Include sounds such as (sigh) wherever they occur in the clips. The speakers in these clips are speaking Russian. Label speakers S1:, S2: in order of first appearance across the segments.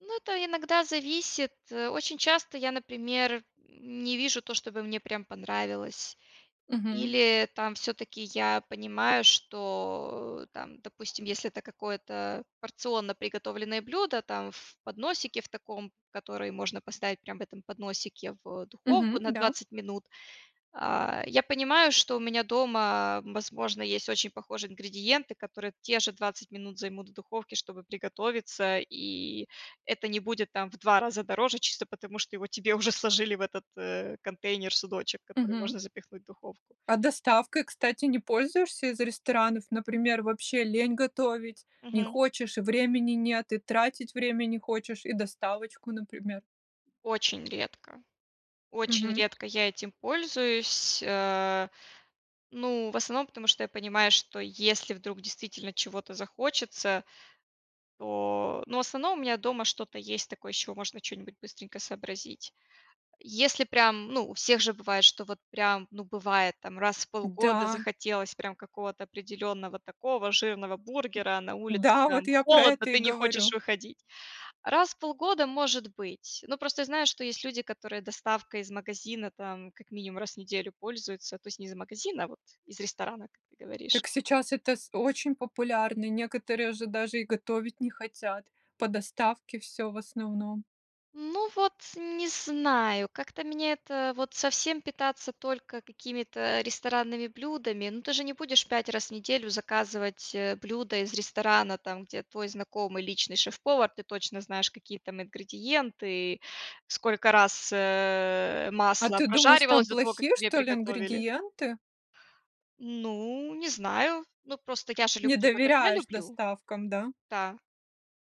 S1: Ну, это иногда зависит, э, очень часто я, например, м, не вижу то, чтобы мне прям понравилось.
S2: Мгм.
S1: Или там всё-таки я понимаю, что, там, допустим, если это какое-то порционно приготовленное блюдо там в подносике в таком, который можно поставить прям в этом подносике в, духовку
S2: Мгм,
S1: на
S2: да.
S1: 20 минут. А, я понимаю, что у меня дома, возможно, есть очень похожие ингредиенты, которые те же 20 минут займут в духовке, чтобы приготовиться, и это не будет там в 2 раза дороже, чисто потому что его тебе уже сложили в этот, э, контейнер, судочек, который
S2: Мгм.
S1: можно запихнуть в духовку.
S2: А доставкой, кстати, не пользуешься из ресторанов? Например, вообще лень готовить, не
S1: Мгм.
S2: хочешь, времени нет, и тратить время не хочешь, и доставочку, например?
S1: Очень редко, очень
S2: Мгм.
S1: редко я этим пользуюсь, а, ну, в основном потому, что я понимаю, что если вдруг действительно чего-то захочется, то, ну, в основном у меня дома что-то есть такое, из чего можно чё-нибудь быстренько сообразить. Если прям, ну, у всех же бывает, что вот прям, ну, бывает там раз в полгода
S2: Да.
S1: захотелось прям какого-то определенного такого жирного бургера, а на улице
S2: Да, вот
S1: там
S2: я про
S1: холодно,
S2: это и
S1: ты не хочешь
S2: говорю.
S1: выходить. Раз в полгода может быть. Ну, просто я знаю, что есть люди, которые доставкой из магазина там как минимум раз в неделю пользуются, то есть не из магазина, а вот из ресторана, как ты говоришь.
S2: Так сейчас это с очень популярно. Некоторые же даже и готовить не хотят. По доставке всё в основном.
S1: Ну вот, не знаю, как-то меня это вот совсем питаться только какими-то ресторанными блюдами, но ты же не будешь 5 раз в неделю заказывать, э, блюда из ресторана, там, где твой знакомый, личный шеф-повар. Ты точно знаешь, какие там ингредиенты, сколько раз, э,
S2: А
S1: масло
S2: ты думаешь, там
S1: прожаривалось до того, как
S2: плохие,
S1: тебе
S2: что ли,
S1: приготовили.
S2: ингредиенты?
S1: Ну, не знаю. Ну, просто я же
S2: Не
S1: люблю так, как я
S2: доверяешь
S1: люблю.
S2: доставкам, да?
S1: Та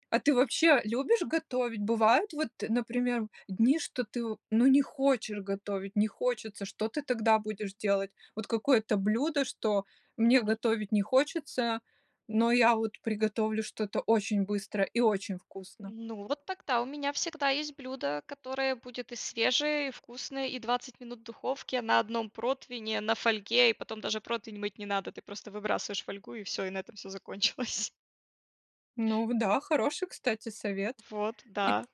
S2: А ты вообще любишь готовить? Бывает, вот, например, дни, что ты, в ну, не хочешь готовить, не хочется, что ты тогда будешь делать? Вот какое-то блюдо, что мне
S1: Мгм.
S2: готовить не хочется, но я вот приготовлю что-то очень быстро и очень вкусно.
S1: Ну, вот тогда у меня всегда есть блюдо, которое будет и свежее, и вкусное, и 20 минут в духовке на 1 противне, на фольге, и потом даже противень мыть не надо, ты просто выбрасываешь фольгу и всё, и на этом всё закончилось. (chuckles)
S2: Ну вот да, хороший, кстати, совет.
S1: Вот,
S2: И п
S1: да.